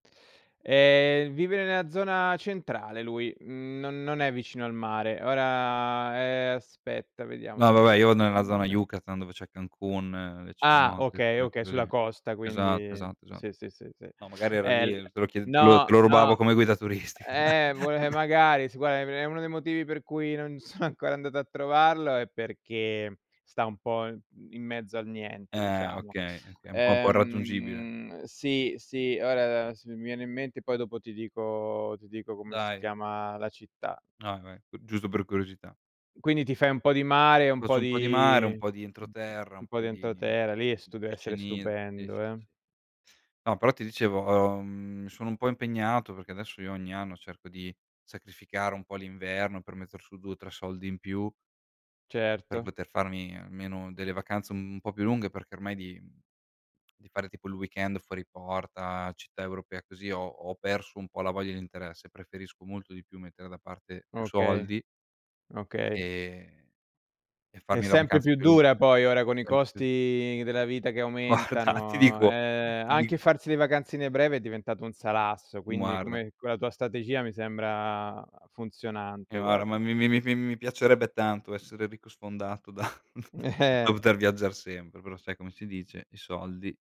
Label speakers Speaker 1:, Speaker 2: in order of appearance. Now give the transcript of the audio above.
Speaker 1: Ehm, vive nella zona centrale lui, n non è vicino al mare. Ora ehm, aspetta vediamo
Speaker 2: No,
Speaker 1: se mi
Speaker 2: vabbè, io vado
Speaker 1: ricordo il
Speaker 2: nella zona
Speaker 1: nome
Speaker 2: Yucatan dove c'è Cancún e
Speaker 1: Ah,
Speaker 2: Cenotes,
Speaker 1: okay,
Speaker 2: que
Speaker 1: okay,
Speaker 2: quelle
Speaker 1: sulla
Speaker 2: lì.
Speaker 1: costa
Speaker 2: Esatto,
Speaker 1: quindi
Speaker 2: esatto, esa
Speaker 1: sì, sì, sì, sì.
Speaker 2: no, magari era
Speaker 1: E
Speaker 2: lì,
Speaker 1: il
Speaker 2: te lo chied te lo
Speaker 1: no,
Speaker 2: te lo
Speaker 1: no.
Speaker 2: rubavo come guida turistica.
Speaker 1: Eh, vole magari, si guarda, em è uno dei motivi per cui non sono ancora andato a trovarlo è perché sta un po', mhmm, in mezzo al niente,
Speaker 2: Eh,
Speaker 1: diciamo.
Speaker 2: okay, oka è un po' un po' raggiungibile.
Speaker 1: Ehm, sì, sì, ora se mi viene in mente poi dopo ti dico ti dico come si
Speaker 2: Dai.
Speaker 1: chiama la città.
Speaker 2: Ah, vabbè, g giusto per curiosità.
Speaker 1: Quindi ti fai un po' di mare, un
Speaker 2: Faccio
Speaker 1: po'
Speaker 2: un po' di mare, un
Speaker 1: di
Speaker 2: po' di
Speaker 1: mhmm,
Speaker 2: entroterra,
Speaker 1: un
Speaker 2: un
Speaker 1: po'
Speaker 2: po'
Speaker 1: di entro
Speaker 2: di
Speaker 1: terra, lì è
Speaker 2: [unintelligible]
Speaker 1: stude
Speaker 2: sì,
Speaker 1: essere
Speaker 2: sì, sì.
Speaker 1: stupendo, eh?
Speaker 2: No però ti dicevo, uhm, sono un po' impegnato perché adesso io ogni anno cerco di sacrificare un po' l'inverno per metter su 2 o 3 soldi in più per
Speaker 1: Certo.
Speaker 2: poter farmi almeno delle vacanze un po' più lunghe, perché ormai di di fare tipo il weekend fuori porta, città europea, così ho ho perso un po' la voglia e l'interesse. Preferisco molto di più mettere da parte più
Speaker 1: Okay,
Speaker 2: soldi
Speaker 1: okay.
Speaker 2: e e
Speaker 1: È
Speaker 2: farmi la
Speaker 1: sempre
Speaker 2: vacanza
Speaker 1: più
Speaker 2: più
Speaker 1: dura
Speaker 2: lunga.
Speaker 1: poi, ora con i
Speaker 2: [unintelligible]
Speaker 1: costi della vita che
Speaker 2: Guarda, ti
Speaker 1: aumentano.
Speaker 2: dico
Speaker 1: Eh,
Speaker 2: ti
Speaker 1: anche
Speaker 2: dico
Speaker 1: farsi le vacanzine breve è diventato un salasso, quindi
Speaker 2: Guarda
Speaker 1: come quella tua strategia mi sembra
Speaker 2: Eh,
Speaker 1: funzionante,
Speaker 2: guarda, ma
Speaker 1: guarda.
Speaker 2: mi mi mi mi piacerebbe tanto essere ricco sfondato da da
Speaker 1: Eh.
Speaker 2: poter viaggiare sempre, però sai come si dice? I soldi